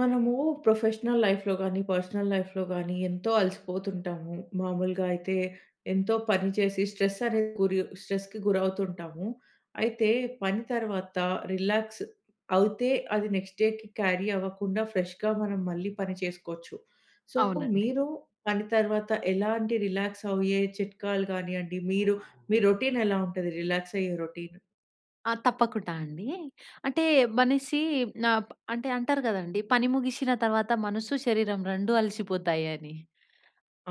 మనము ప్రొఫెషనల్ లైఫ్‌లో గాని, పర్సనల్ లైఫ్‌లో గాని ఎంతో అలసిపోతుంటాము. మామూలుగా అయితే ఎంతో పని చేసి స్ట్రెస్ అనేది గురియొ స్ట్రెస్‌కి గురవుతూ ఉంటాము. అయితే పని తర్వాత రిలాక్స్ అవుతే అది నెక్స్ట్‌డే‌కి క్యారీ అవ్వకుండా ఫ్రెష్‌గా మనం మళ్ళీ పని చేసుకోవచ్చు. సో అవునండి. మీరు పని తర్వాత ఎలాంటి రిలాక్స్ అయ్యే చిట్కాలు కానియండి మీరు మీ రొటీన్ ఎలా ఉంటది రిలాక్స్ అయ్యే రొటీన్? ఆ! తప్పకుండా అండి. అంటే మనిషి నప్ అంటే అంటారు కదండీ పని ముగిశిన తర్వాత మనసు, శరీరం 2 అలసిపోతాయని.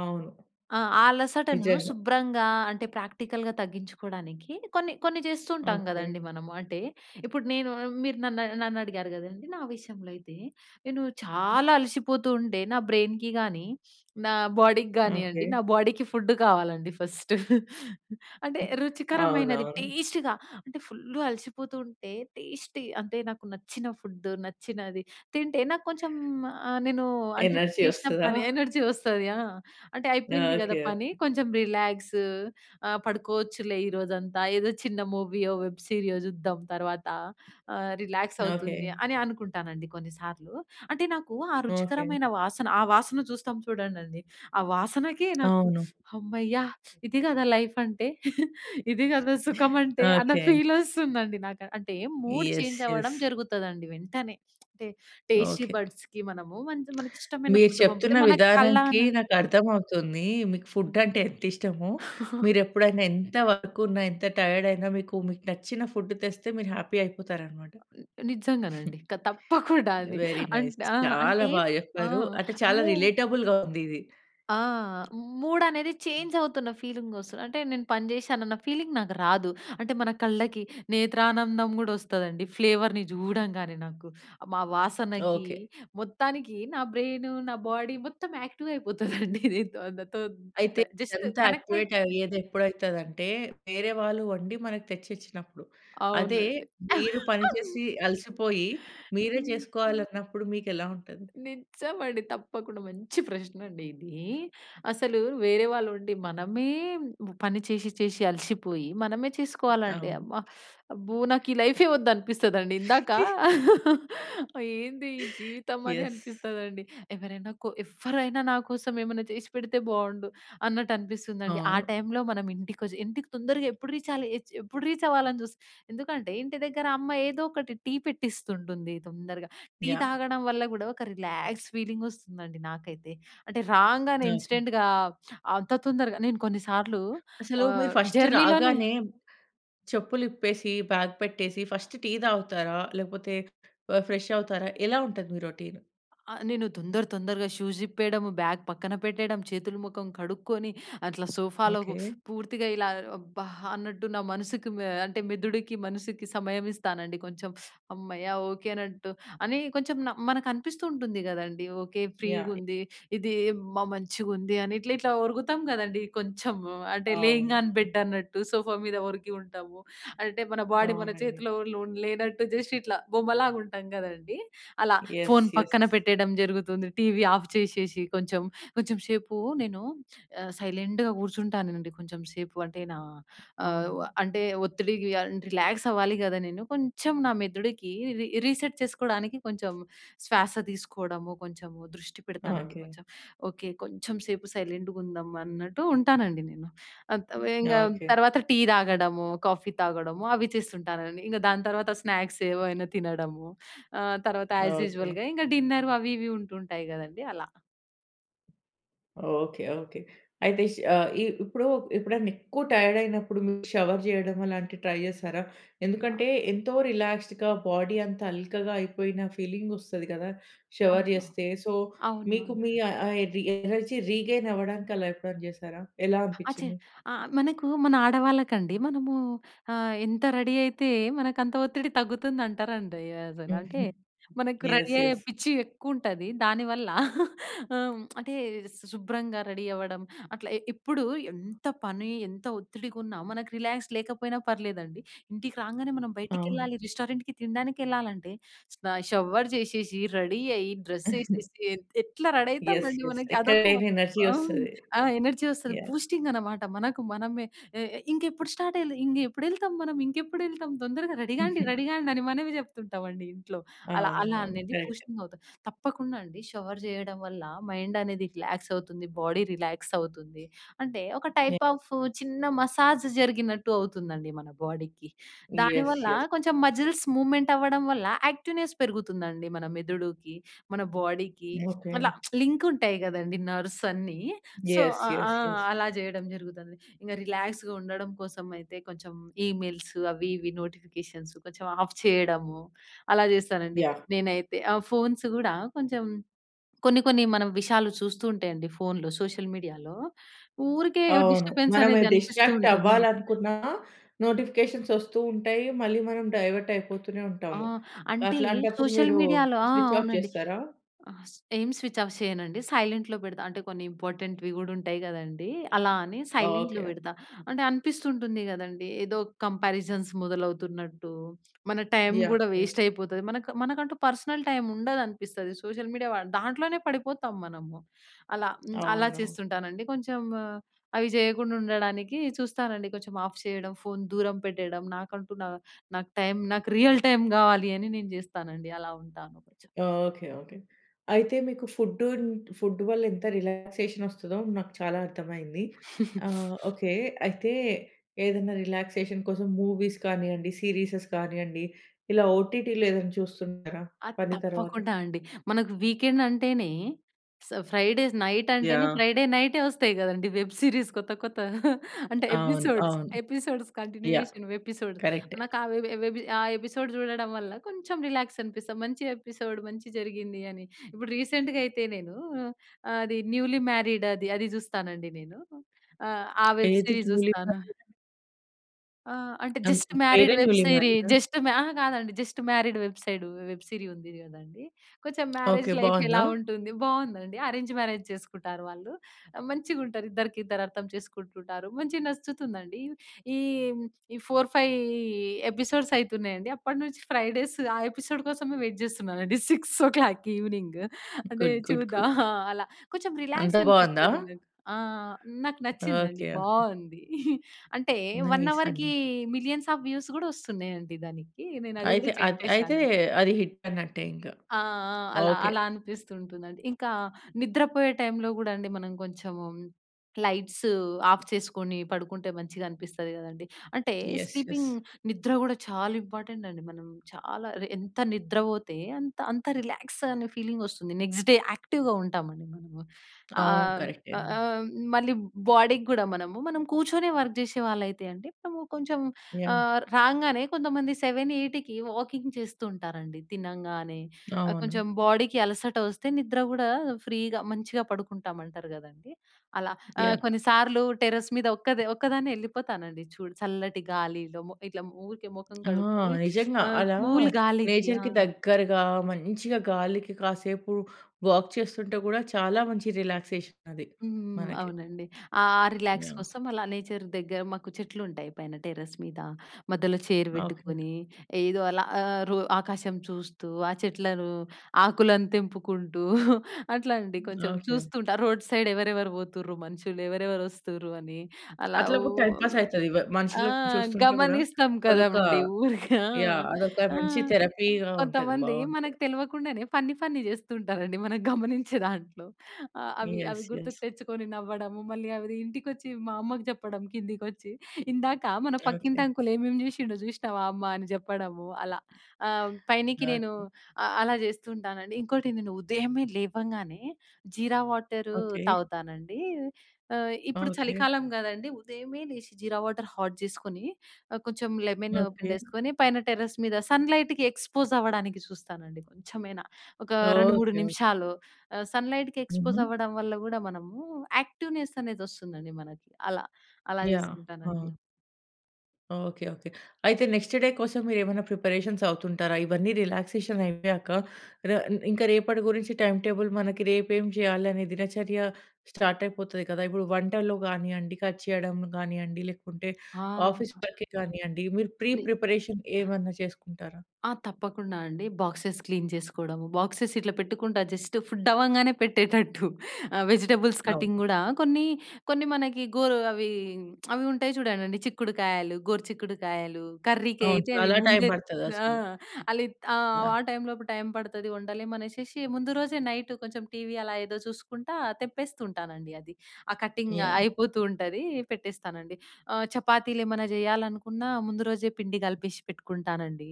అవును. ఆ! ఆ అలసటను నిజంగా. శుభ్రంగా అంటే ప్రాక్టికల్‌గా తగ్గించుకోవడానికి కొన్ని కొన్ని చేస్తూ ఉంటాం ఓకె. కదండీ మనము. అంటే ఇప్పుడు నేను మీరు నన్ను, నన్ను అడిగారు కదండీ? నా విషయంలో అయితే నేను చాలా అలసిపోతూ ఉంటే నా బ్రెయిన్‍కి కానీ, నా బాడీకి ఓకె. కానియండి నా బాడీకి ఫుడ్ కావాలండి ఫస్టు. అంటే హ్మ్, రుచికరమైనది అవునవును. టేస్ట్‌గా అంటే ఫుల్ అలసిపోతూ ఉంటే టేస్టీ అంటే నాకు నచ్చిన ఫుడ్డు నచ్చినది తింటే నాకు కొంచెం ఆహ్, నేను అంటే ఎనర్జీ చేసిన వస్తదా? పని ఎనర్జీ వస్తది, ఆ! అంటే ఓకె. అయిపోయింది కద ఓకె. పని కొంచెం రిలాక్స్. ఆ! పడుకోవచ్చులే ఈ రోజంతా ఏదో చిన్న మూవీయో, వెబ్ సీరియో చూద్దాం తర్వాత ఆహ్, రిలాక్స్ ఓకె. అవుతుంది అని అనుకుంటానండి కొన్నిసార్లు. అంటే నాకు ఆ ఓకె. రుచికరమైన వాసన ఆ వాసన చూస్తాం చూడండండి. ఆ వాసనకి నాకు అవును. హమ్మయ్య! ఇది కదా లైఫ్ అంటే. ఇది కదా సుఖం అంటే. అన్న ఓకె. ఫీల్ వస్తుందండి నాకు, అంటే మూడ్ యస్. చేంజ్ అవ్వడం యస్. జరుగుతదండి వెంటనే. అంటే టేస్టీ ఓకె. బడ్స్‌కి మనము మనకి ఇష్టమైన మీరు ఫుడ్ పంపితే చెప్తున్న మన విధానంకి కళ్ళనా నాకు అర్థమవుతుంది. మీకు ఫుడ్ హ్మ్. అంటే ఎంత ఇష్టమో! మీరు ఎప్పుడైనా ఎంత వర్క్ ఉన్నా ఎంత టైర్డ్ అయినా మీకు మీకు నచ్చిన ఫుడ్ తెస్తే మీరు హ్యాపీ అయిపోతారనమాట. నిజంగానండి. క తప్పకుండా అండి. వెరీ‌ నైస్ అంట్ ఆ! చాలా అంటే, బా ఆ! చెప్పారు. అంటే చాలా మూమ్ రెలెటబుల్‌గా ఉంది ఇది. ఆ! మూడ్ అనేది చేంజ్ అవుతున్న ఫీలింగ్ వస్తది. అంటే నేను పని చేశాను అన్న ఫీలింగ్ నాకు రాదు. అంటే మన కళ్ళకి నేత్రానందం కూడా వస్తదండి ఫ్లేవర్‌ని చూడంగానే నాకు. మా వాసనకి ఓకె. మొత్తానికి నా బ్రెయిను, నా బాడీ మొత్తం యాక్టివ్ అయిపోతుందండి దీంతో. అంతతో అయితే ఇట్లా జస్ట్ ఇదంతా కనెక్ట్ యాక్టివేట్ అయిపోతుంది. అయ్యేది ఎప్పుడైతదంటే వేరే వాళ్ళు వండి మనకు తెచ్చిచ్చినప్పుడు. అదే అవునండి. మీరు పనిచేసి అలసిపోయి మీరే హ్మ్. చేసుకోవాలన్నప్పుడు మీకు ఎలా ఉంటది? నిజమండి. తప్పకుండా మంచి ప్రశ్నండి ఇదీ. అసలు వేరే వాళ్ళు ఉండి మనమే పని చేశి చేశి అలసిపోయి మనమే చేసుకోవాలండి. అవును. అమ్మ! అబ్బో! నాకు ఈ లైఫే వద్దు అనిపిస్తదండి. ఇందాక ఏంది ఈ జీవితం అని యస్. అనిపిస్తదండి. ఎవరైనా కొ ఎవ్వరైనా నాకోసం ఏమన్నా చేసిపెడితే బావుండు అన్నట్టు అనిపిస్తుందండి. ఆ అవును. టైంలో మనం ఇంటికొచ్చి ఇంటికి తొందరగా ఎప్పుడు రీచాలి ఎప్పుడు రీచ్ అవ్వాలని చూస్తాం. ఎందుకంటే ఇంటి దగ్గర అమ్మ ఏదో ఒకటి టీ పెట్టిస్తుంటుంది తొందరగ. Tea yeah! తాగడం వల్ల కూడా ఒక రిలాక్స్ ఫీలింగ్ వస్తుందండి నాకైతే. అంటే రాంగానే ఓకె. ఇన్స్టెంట్‌గా అంత తొందరగా నేను కొన్నిసార్లు అసలు మీరు ఆహ్, ఫస్ట్ జర్నీలోనే రాగానే చెప్పులు ఇప్పేసి బ్యాగ్ పెట్టేసి ఫస్ట్ టీ తాగుతారా? లేకపోతే ఫ్రెష్ అవుతారా? ఎలా ఉంటది మీ రోటీన్. ఆ! నేను దొందర తొందరగా షూస్ ఇప్పేయడము బ్యాగ్ పక్కన పెట్టేయడం చేతులు ముఖం కడుక్కొని అట్లా సోఫాలో స్ ఓకె. పూర్తిగా ఇలా అబ్బా! అన్నట్టు నా మనసుకి మె అంటే మెదుడికి, మనసుకి సమయం ఇస్తానండి కొంచెం. హమ్మయ్య! ఓకె. అనట్టు అని కొంచెం న మనకనిపిస్తూ ఉంటుంది కదండీ. ఓకె. యహ్! ఫ్రీగుంది ఇది మ మంచిగా ఉంది అని ఇట్లా ఇట్లా ఒరుగుతాం కదండీ! కొంచెము అంటే లేయింగ్ అవును. ఆన్ బెడ్ అన్నట్టు సోఫా మీద ఒరిగి ఉంటాము. అంటే మన బాడీ మన అవునండి. చేతిలో లో లేనట్టు జస్ట్ ఇట్లా బొమ్మలాగా ఉంటాం కదండీ. అలా యస్. Phone yes. పక్కన పెట్టేయడం జరుగుతుంది. టీవీ ఆఫ్ చేసేసి కొంచెం కొంచెం సేపు నేను ఆహ్, సైలెంట్‌గా కూర్చుంటానండి. కొంచెం సేపు అంటే నా ఆహ్, అవును. అంటే ఒత్తిడికి రిలాక్స్ అవ్వాలి కద నేను కొంచెం నా మెదడుకి రీ రీసెట్ చేసుకోవడానికి కొంచెం శ్వాస తీసుకోవడము, కొంచెం దృష్టి పెడతానండి. ఓకె. కొంచెం ఓకె. కొంచెం సేపు సైలెంట్‌గా ఉందాం అన్నట్టు ఉంటానండి నేను. అత వేంగా ఓకె. తర్వాత టీ తాగడము, కాఫీ తాగడము అవి చేస్తుంటానండి. ఇంక దాని తర్వాత స్నాక్స్ ఏవైనా తినడము. ఆహ్, తర్వాత ఓకె. ఆస్‌యూజువల్‌గా ఇంకా డిన్నర్ అవి ఇవి ఉంటుంటాయి కదండీ అలా. Okay okay. అయితే ఆహ్, ఇ ఇప్పుడు ఎప్పుడన్నా ఎక్కువ టైర్డ్ అయినప్పుడు మీరు షవర్ చేయడం అలాంటివి ట్రై చేసారా? ఎందుకంటే ఎంతో రిలాక్స్డ్‌గా బాడీ అంత అల్కగా అయిపోయిన ఫీలింగ్ వస్తది గదా! షవర్ అవునా! చేస్తే. సో మీకు అవునవును. మీ ఆ! ఆహ్, ఎనర్జీ రీగెయిన్ అవ్వడానికి అలా ఎప్పుడైనా చేశారా? ఎలా అచ. అనిపిచ్చింది? ఆ! మనకు మన ఆడవాళ్ళకండి మనమూ ఆహ్, ఎంత రెడీ అయితే మనకంత ఒత్తిడి తగ్గుతుందంటారండి అసలు. అంటే హుహు. మనకు రెడీ ఎస్, అయ్యే ఎస్. పిచ్చి ఎక్కువుంటది దానివల్ల. ఆహ్, అంటే శు శుభ్రంగా రెడీ అవ్వడం అట్లా. ఎప్పుడూ ఎంత పని, ఎంత ఒత్తిడిగా ఉన్న మనకు రిలాక్స్ లేకపోయినా పర్లేదండి. ఇంటికి రాంగానే మనం అవును. బయటికెళ్ళాలి రెస్టారెంట్‍కి తినడానికి ఎళ్ళాలంటే, షవర్ చేసేసి, రెడీ అయ్యి, డ్రెస్సేసేసి ఎత్ ఎట్లా రెడీ యస్, అయితామండి యస్. మనకి అదొక ఎక్కడలేని ఎనర్జీ ఆహ్, వస్తది. ఆ! ఎనర్జీ వస్తది. యాహ్! బూస్టింగన్నమాట. మనకు మనమే. ఆహ్, ఇంకెప్పుడు స్టార్ట్ అయ్యే ఇంగేప్పుడెళ్తాం మనం, ఇంకెప్పుడు ఎళ్తాం తొందరగా రెడీగాండి రెడీగాండి అని మనమే చెప్తుంటామండి ఇంట్లో. అలా అలా అవునవును. అనేది కరెక్టే. బూస్టింగ్ అవుతది. తప్పకుండా అండి షవర్ చేయడం వల్ల మైండ్ అనేది రిలాక్స్ అవుతుంది. బాడీ రిలాక్స్ అవుతుంది. అంటే ఒక ఏ టైప్ ఆఫ్ చిన్న మసాజ్ జరిగినట్టు అవుతుందండి మన బాడీకి. యస్, దానివల్ల యస్. కొంచెం మజిల్స్ మూవ్‌మెంట్ అవ్వడం వల్ల యాక్టివ్‌నెస్ పెరుగుతుందండి మన మెదుడుకి. మన బాడీకి. ఓకె. అలా లింకుంటాయి గదండీ నర్వ్సన్నీ. సో యస్, ఆ! ఆ! Yes, yes. అలా జేయడం జరుగుతది. ఇక రిలాక్స్‌గా ఉండడం కోసమయితే కొంచెం ఈమెయిల్స్ అవి ఇవి నోటిఫికేషన్స్ కొంచెం ఆఫ్ చేయడము. అలా చేస్తానండి యాహ్! నేనైతే. ఆ ఫోన్స్ కూడా కొంచెం కొన్ని కొన్ని మనం విషాలు చూస్తూ ఉంటాయండి ఫోనులో సోషల్ మీడియాలో. ఊరికే అవును. డిస్టర్బెన్స్ మనము అనేది అనిపిస్తూ డిస్ట్రాక్ట్ ఉంటుంది. అవ్వాలనుకున్నా నోటిఫికేషన్స్ వస్తూ ఉంటాయి. మళ్ళీ మనం డైవర్ట్ అయిపోతూనే ఆ! ఉంటాము. అంటే అట్లాంటప్పుడు సోషల్ మీరూ మీడియాలో ఆ! స్విచ్ ఆఫ్ అవునండి. చేస్తారా? ఆహ్, ఏం స్విచ్ ఆఫ్ చేయనండి. సైలెంట్‌లో పెడతా. అంటే కొన్ని ఇంపార్టెంట్‌వి గూడా ఉంటాయి గదండీ! అలా అని సైలెంట్‌లో ఓకె. పెడతా. అంటే అనిపిస్తుంటుంది గదండీ! ఏదో కంపారిజన్స్ మొదలవుతున్నట్టూ, మన టైం యాహ్! కూడా యాహ్! వేస్టయిపోతది. మనకు మనకంటూ పర్సనల్ టైమ్ ఉండదనిపిస్తది సోషల్ మీడియా దాంట్లోనే పడిపోతాం మనము. అలా అలా అవును. చేస్తుంటానండి కొంచెం ఆహ్, అవి జేయకుండా ఉండడానికి చూస్తానండి కొంచెం ఆఫ్ చేయడం ఫోను దూరం పెట్టేయడం నాకంటూ నా నాకు టైం నాకు రియల్ టైమ్ కావాలి. అని నేను జేస్తానండి అలా ఉంటాను కొంచెం. Okay okay. అయితే మీకు ఫుడ్, ఫుడ్ వల్ల ఎంత రిలాక్సేషన్ వస్తదో, నాకు చాలా అర్థమైంది. ఆహ్, ఓకె. అయితే ఏదైనా రిలాక్సేషన్ కోసం మూవీస్ కానియండి, సీరీసెస్ కానియండి ఇలా ఓటీటీలో ఏదైనా చూస్తుంటారా అది పని తర్వాత? తప్పకుండా అండి. మనకు వీకెండ్ అంటేనే స ఫ్రైడేస్ నైట్ అంటేనే యాహ్! ఫ్రైడే నైటే వస్తాయి కదండీ వెబ్ సిరీస్ కొత్త కొత్త అంటే అవును. ఎపిసోడ్స్ అవును. Episodes, yeah! Continuation episodes. కరెక్టే. నాకు ఆ వె ఆ ఎపిసోడ్ చూడడం వల్ల కొంచెం రిలాక్సనిపిస్తది. మంచిగనిపిస్తది మంచి జరిగింది అని. ఇప్పుడు రీసెంట్‍గా అయితే నేనూ అది న్యూలీ మ్యారీడ్ అది అది జూస్తానండి నేను. ఆహ్, ఆ వెబ్ ఏది సిరీస్ న్యూలీ జూస్తాను. మ్యారిడా? ఆ! అంటే అన్ జస్ట్ మ్యారీడ్ పేరే వెబ్ న్యూలీ సీరీ మ్యారిడా? జస్ట్ మ్యా అహా! కాదండి. Just married website web series ఉంది కదండీ. కొంచెం మ్యారేజ్ ఓకే. లైఫ్ ఎలా బావుందా? ఉంటుంది? బావుందండి. అరేంజ్ మ్యారేజ్ చేసుకుంటారు వాళ్ళు. మంచిగుంటారు. ఇద్దరికిద్దరు అర్థం చేసుకుంటుంటారు. మంచిగా నచ్చుతుందండి. ఈ, ఈ 4 5 ఎపిసోడ్స్ అయితున్నాయండి. అప్పటినుంచి ఫ్రైడేస్ ఆ ఎపిసోడ్ కోసమే వెయిట్ చేస్తున్నానండి. 6:00 ఈవెనింగ్. అంటే గుడ్, గుడ్, చూద్దాం గుడ్. ఆ! అలా. కొంచెం అంత బావుందా? రిలాక్సనిపిస్తది నాకు. ఆ! నాకు నచ్చిందండి. ఓకే. ఓకే. బావుంది. అంటే 1 నైస్ అవర్‍కి అండి. మిలియన్స్ ఆఫ్ వ్యూస్ కూడా వస్తున్నాయండి దానికి. నేను అది అయితే కూడా చెక్ అది అయితే చేశాను. అది హిట్ అన్నట్టే ఇంక. ఆ! ఆ! అలా ఓకే. అలా అనిపిస్తుంటుందండి. ఇంకా నిద్రపోయే టైంలో కూడా అండి మనం కొంచెం లైట్స్ ఆఫ్ చేసుకొని పడుకుంటే, మంచిగా అనిపిస్తది కదండీ! అంటే ఎస్, ఎస్. స్లీపింగ్ నిద్ర కూడా చాలా ఇంపార్టెంటండి. మనం చాలా ఎంత నిద్రపోతే అంత అంత రిలాక్సనే ఫీలింగ్ వస్తుంది. నెక్స్ట్ డే యాక్టివ్‍గా ఉంటామండి మనము. ఆ! అవును. అ అ కరెక్టేనండి. మళ్ళీ బాడీకి గూడా మనము మనం కూర్చొనే వర్కు చేసేవాళ్ళైతే అండి. మనం కొంచెం యాహ్! ఆహ్, రాంగానే కొంతమంది 7, 8కి వాకింగ్ చేస్తూ ఉంటారండి తినంగానే. ఆహ్, కొంచెం అవును. బాడీకి అలసట వస్తే, నిద్ర కూడా ఫ్రీగా మంచిగా పడుకుంటామంటారు గదండీ! అలా ఆహ్, యాహ్! కొన్నిసార్లు టెర్రస్ మీద ఒక్క ఒక్కదాన్నే ఎళ్ళిపోతానండి చూడు చల్లటి గాలిలో ఇట్లా ఊరికే మొఖం ఆ! కడుక్కొని. నిజంగా ఆ! అలా కూల్ గాలికి ఆ! నేచర్‌కి దగ్గరగా మంచిగా గాలికి కాసేపు వాక్ చేస్తుంటే కూడా చాలా మంచి రిలాక్సేషన్ అది హ్మ్. మనకి. అవునండి. ఆ రిలాక్స్ యాహ్! కోసం అలా నేచర్ దగ్గర మాకు చెట్లుంటాయి పైన టెర్రస్ మీద. మధ్యలో చైర్ ఓకే. పెట్టుకొని ఏదో అలా ఆహ్, రో ఆకాశం చూస్తూ, ఆ చెట్లను, ఆకులను తెంపుకుంటూ అట్లాంటి కొంచెం ఓకే. చూస్తుంట. రోడ్ సైడ్ ఎవరెవరు పోతుర్రు? మనుషులు, ఎవరెవరు వస్తుర్రు? అని అలా ఊ అట్లగూడ టైమ్ పాస్ అయితది. వ ఆ! మనుషులని చూస్తుంటే కూడా గమనిస్తాం అదొక కదండీ ఊరికే. యాహ్! అదొక ఆహ్, ఆ! మంచి థెరపీగా ఉంటది. కొంతమంది బావుంటది. మనకు తెలవకుండానే, ఫన్నీ ఫన్నీ చేస్తూ ఉంటారండి మనం గమనించే దాంట్లో. అవి, అవి యెస్. యెస్. గుర్తుకు తెచ్చుకొని నవ్వడము, మళ్ళీ అవి ఇంటికొచ్చి మా అమ్మకి జెప్పడం. కిందికి వచ్చి ఇందాక మన పక్కింటి ఓకే. అంకుల్ ఏమేం జేసిండో చూసినవా అమ్మా? అని చెప్పడము. అలా ఆహ్, పైనికి నేను ఓకే. అ అలా చేస్తూ ఉంటానండి. ఇంకోటి ఉదయమే లేవంగానే జీరా వాటరు ఓకే. తాగుతానండి. ఆహ్, ఇప్పుడు ఓకే. చలికాలం గదండీ. ఉదయమే లేచి జీరా వాటరు హాట్ జేసుకొని, ఆహ్, కొంచెం లెమన్ ఓకే. పిండేసుకొని పైన టెర్రస్ మీద సన్ లైట్‌కి ఎక్స్పోజ్ అవ్వడానికి చూస్తానండి కొంచెమైనా. ఒక ఓకే. 2,3 ఓకే. నిమిషాలు ఆహ్, సన్ లైట్‌కి ఎక్స్పోజ్ హుహు. అవ్వడం వల్ల కూడా మనము యాక్టివ్ నెస్ అనేది వస్తుందండి మనకి. అలా అలా యాహ్! చేసుకుంటానండి. ఆ! ఓకే. ఓకే. అయితే నెక్స్ట్ డే కోసం, మీరేమన్నా ప్రిపరేషన్స్ అవుతుంటారా? ఇవన్నీ రిలాక్సేషనయ్యాక. రా ఇం ఇంక రేపటి గురించి టైమ్ టేబుల్, మనకి రేపేం జేయాలనే దినచర్య స్టార్టయిపోతది కదా! ఇప్పుడు వంటలు గానీయండి, కట్ చేయడం గానీయండి, లేకుంటే, ఆ! ఆఫీస్ అ! వర్కే గానీయండి. మీరు ప్రీ ని ప్రిపరేషన్ ఏమన్నా చేసుకుంటారా? ఆ! తప్పకుండా అండి. Boxes clean జేసుకోడము. బాక్సెస్ ఇట్లా పెట్టుకుంటా జస్టు ఫుడ్ అవ్వంగానే పెట్టేటట్టు. ఆహ్, వెజిటెబుల్స్ అవును. కట్టింగ్ గూడా కొన్నీ, కొన్ని మనకి గోరు అవీ అవి ఉంటాయి చూడండండి, చిక్కుడుకాయలు, గోరు చిక్కుడుకాయలు, అవును. కర్రీకయితే అవి చాలా టైమ్ ముందే బడతది ఆ! అసలు. అలిత్ ఆహ్, యాహ్! వాళ్ళ టైమ్ లోపు టైమ్ పడతది, వండలేమనేషేషి, ముందు రోజే నైటు, కొంచం టీవీ అలా ఏదో చూసుకుంటా, తెంపేస్తూ ఉంటానండి అది. ఆ కటింగ్ యాహ్! అయిపోతూ ఉంటదీ, పెట్టేస్తానండి. ఆహ్, చపాతీలేమన్నా జెయ్యాలనుకున్నా, ముందు రోజే పిండి గలిపేషి పెట్టుకుంటానండి.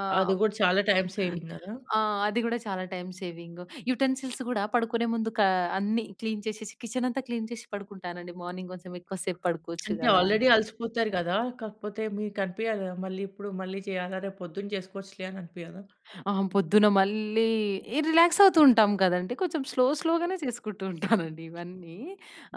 ఆహ్ అది గూడ చాలా టైమ్ సేవింగ్ గదా! ఆ! అది గూడా చాలా టైమ్ సేవింగు. యుటెన్సిల్స్ గూడా పడుకునే ముందు, కా అన్నీ క్లీన్ చేసేసి, కిచెనంతా క్లీన్ చేషి పడుకుంటానండి. మార్నింగ్ కొంచెం, ఎక్కువ సేపు పడుకోవచ్చు అంటే, గదా అని. ఆల్రెడీ అలసిపోతారు గదా! కాకపోతే మీకనిపీయదా? మళ్ళీ ఇప్పుడు మళ్ళీ చెయ్యాలా? రేపొద్దున చేస్కోచ్చులే, అని అనిపీయదా? అహా! పొద్దున మళ్ళీ ఈ రిలాక్సవుతూ ఉంటాం కదండి. కొంచుం స్లో, స్లోగనే చేసుకుంటూ ఉంటానండి ఇవన్నీ.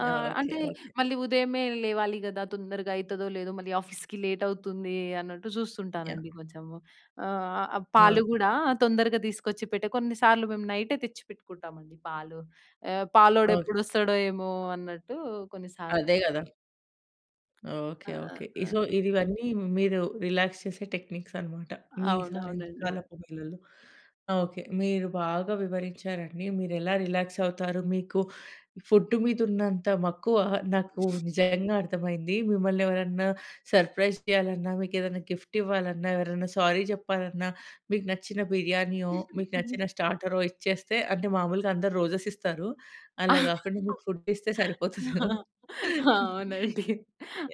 ఆహ్, ఓకే. అంటే, ఓకే. మళ్ళీ ఉదయమే లేవాలి గదా! తొందరగయితదో లేదో, మళ్ళీ ఆఫీస్‌కి లేటవుతుందీ అన్నట్టు, జూస్తుంటానండి యాహ్! కొంచము. ఆహ్, ఆహ్, పాలు ఓకే. గూడా తొందరగా దీసుకొచ్చి పెట్టె, కొన్నిసార్లు మేము, నైటే తెచ్చిపెట్టుకుంటామండి పాలు. ఎ ఓకే. పాలోడెప్పుడొస్తాడో ఏమో అన్నట్టూ కొన్నిసార్లని. అదే గదా! ఓకే ఆహ్, ఆహ్, ఓకే. ఈ ఆహ్ సో ఇదివన్నీ మీరు రిలాక్స్ చేసే టెక్నిక్స్ అనమాట, మీ అవునవునండి. సాయంకాలపు వేళలో. ఓకే. మీరు బాగా వివరించారండి. మీరు ఎలా రిలాక్స్ అవుతారు. మీకు ఫుడ్ మీద ఉన్నంత మక్కువ నాకు నిజంగా అర్థమైంది. మిమ్మల్ని ఎవరన్నా సర్ప్రైజ్ చేయాలన్నా, మీకు ఏదైనా గిఫ్ట్ ఇవ్వాలన్నా, ఎవరన్నా సారీ జెప్పాలన్నా, మీకు నచ్చిన బిర్యానీయో, మీకు నచ్చిన స్టార్టరో ఇచ్చేస్తే అంటే మామూలుగా అందరూ రోజెస్ ఇస్తారు. ఆ! అలా గాకుండా మీకు ఫుడ్ ఇస్తే సరిపోతుంది ఏమో. అవునండి.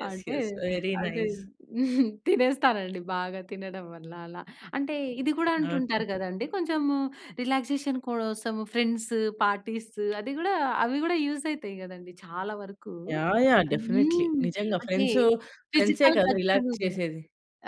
యెస్. అంటే, యెస్. వెరీ అంటే నైస్. తినేస్తానండి. బాగా తినడం వల్ల అలా. అంటే ఇది గూడా ఓకే. అంటుంటారు గదండీ కొంచెము రిలాక్సేషన్ కోసము ఫ్రెండ్స్, పార్టీస్. అది గూడా అవి గూడా యూజ్ అయితాయి గదండీ! చాలా వరకు. యాహ్! యాహ్! డెఫినెట్‌లి. హ్మ్. నిజంగా అంటే ఫ్రెండ్సు ఫ్రెండ్సే ఫిజికల్ కదా! టచ్ రిలాక్స్ అనేది చేసేది.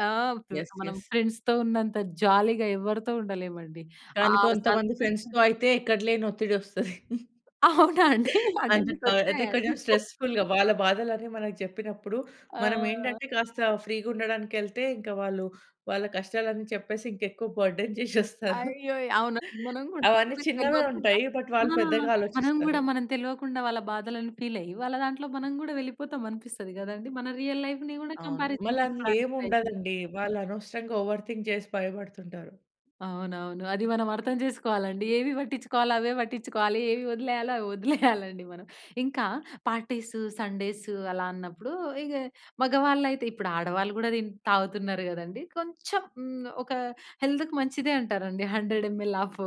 ఆ! వ్ యెస్. మనం యెస్. ఫ్రెండ్స్‌తో ఉన్నంత జాలీగా ఎవరితో ఉండలేమండి. ఆ! కానీ కొంతమంది సంతోష ఫ్రెండ్స్‌తో అయితే ఎక్కడ లేని ఒత్తిడి ఒస్తది. అవునా అండి! అంటే అంటె మీకు క ఒచ్చాయ అంటే అండి? కొంచెం స్ట్రెస్ ఫుల్‌గ వాళ్ళ బాధలు అని మనకి జెప్పినప్పుడు, మనం ఆ! ఏంటంటే కాస్త ఫ్రీ‌గా ఉండడానికెళ్తే, ఇంకా వాళ్ళు వాళ్ళ కష్టాలన్నీ చెప్పేసి ఇంకా ఎక్కువ బర్డెన్ చేశెస్తారు. అయ్యో! అవునవును. మనం గూడా అవన్నీ మనం చిన్నగా తెల్వకుండా ఉంటాయి. బట్ వాళ్ళు ఆ! పెద్దగా మనం గూడా ఆలోచిస్తారు. మనం తెలవకుండా వాళ్ళ బాధలని ఫీల్ అయ్యి, వాళ్ళ దాంట్లో మనం గూడా వెళ్ళిపోతాం అనిపిస్తది గదండీ. మన రియల్ లైఫ్‌ని గూడా అవును. మళ్ళ కంపారిజన్ అం ఏం తీసుకోవడానికి ప్రయత్ని ఉండదండి. వాళ్ళు అనవసరంగా ఓవర్ థింక్ జేసి భయపడుతుంటారు. అవునవును. అది మనం అర్థం జేసుకోవాలండి ఏవి వట్టించుకోవాలో అవే వట్టించుకోవాలి ఏవి ఒదిలేయాలో అవి ఒదిలేయాలండి మనం. ఇంకా పార్టీస్, సండేస్ అలా అన్నప్పుడు ఇగ మగవాళ్ళైతే ఇప్పుడు ఆడవాళ్ళు గూడా తిన్ తాగుతున్నారు గదండీ? కొంచెం హ్మ్. ఒక హెల్త్‌కి మంచిదే అంటారండి. 100 ఎంఎల్ ఆఫ్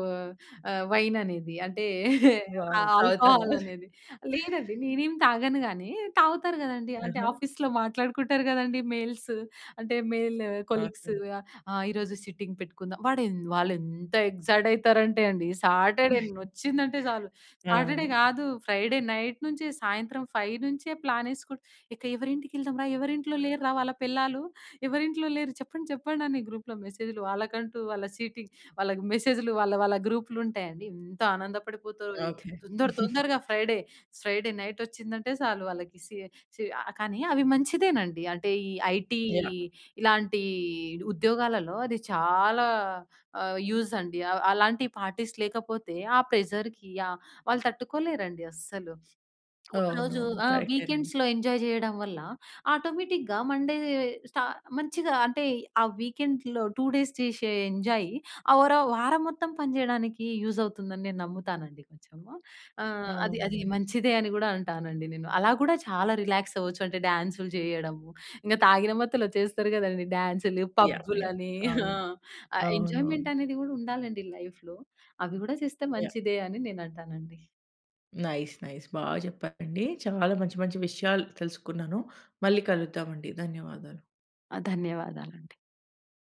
ఆహ్, వైన్ అనేది అంటే ఆ వావ్! తాగుతారా? ఆల్కహాల్ అనేది. లేదండి. నేనేం తాగను గానీ తాగుతారు గదండీ. అంటే ఆహా! ఆఫీస్‌లో మాట్లాడుకుంటారు గదండీ మెయిల్స్, అంటే మెల్ కొలీగ్స్. ఓకే. "ఆహ్, ఈరోజు సిట్టింగ్ పెట్టుకుందాం." వాడేం వాళ్ళేంత ఎక్సైట్ అయితారంటే అండి, సాటర్ డే ఒచ్చిందంటే చాలు సాటర్ డే అవును. గాదు ఫ్రైడే నైట్ నుంచే సాయంత్రం 5 నుంచే ప్లాన్ ఎసుకుంటా ఇక ఎవరింటికి ఎళ్దాం రా? ఎవరింట్లో లేరురా వాళ్ళ పెళ్ళాలు? ఎవరింట్లో లేరు చెప్పండి? చెప్పండి? అని గ్రూప్‌లో మెసేజ్లు వాళ్ళకంటూ, వాళ్ళ సీటింగ్. వాళ్ళకి మెసేజ్లు వాళ్ళ వాళ్ళ గ్రూప్లు ఉంటాయండి. ఎంత ఆనందపడిపోతరో. ఓకే. తొందర తొందరగా ఫ్రైడే, ఫ్రైడే నైట్ ఒచ్చిందంటే సాలు వాళ్ళకి సి సి ఆహ్, కానీ అవి మంచిదేనండి. అంటే ఈ ఐటీ యాహ్! ఇలాంటి ఉద్యోగాలలో అది చాలా ఆహ్, యూజ్ అండి. ఆహ్, అలాంటి పార్టీస్ లేకపోతే ఆ ప్రెజర్‌కి ఆహ్, వాళ్ళు తట్టుకోలేరండి అస్సలు. అవునవును. ఒకరోజు ఆ! కరెక్టేనండి. వీకెండ్స్‌లో ఎంజాయ్ జేయడం వల్ల ఆటోమేటిక్‌గా మండే స్ట మంచిగా అంటే ఆ వీకెండ్‌లో 2 డేస్ చేశె ఎంజాయ్ ఆ వర వారం మొత్తం పనిజేయడానికి యూజ్ అవుతుందని నేను నమ్ముతానండి కొంచెము. ఆహ్, అది అది అవునండి. మంచిదే అని గూడా అంటానండి నేను. అలా గూడా చాలా రిలాక్స్ అవ్వచ్చు అంటే డ్యాన్సులు జేయడము. ఇంగ తాగిన మత్తులో చేస్తారు గదండీ! డ్యాన్సులు, యాహ్! యాహ్! పబ్బులని హ! అవును. ఆహ్, అవునవును. ఎంజాయ్మెంట్ అనేది గూడా ఉండాలండి లైఫ్‌లో. అవి గూడా చేస్తే యాహ్! మంచిదే అని నేను అంటానండి. Nice nice. బా జెప్పారండి. చాలా మంచి మంచి విషయాలు తెలుసుకున్నాను. మళ్ళీ కలుద్దామండి. ధన్యవాదాలు. ఆ! ధన్యవాదాలండి.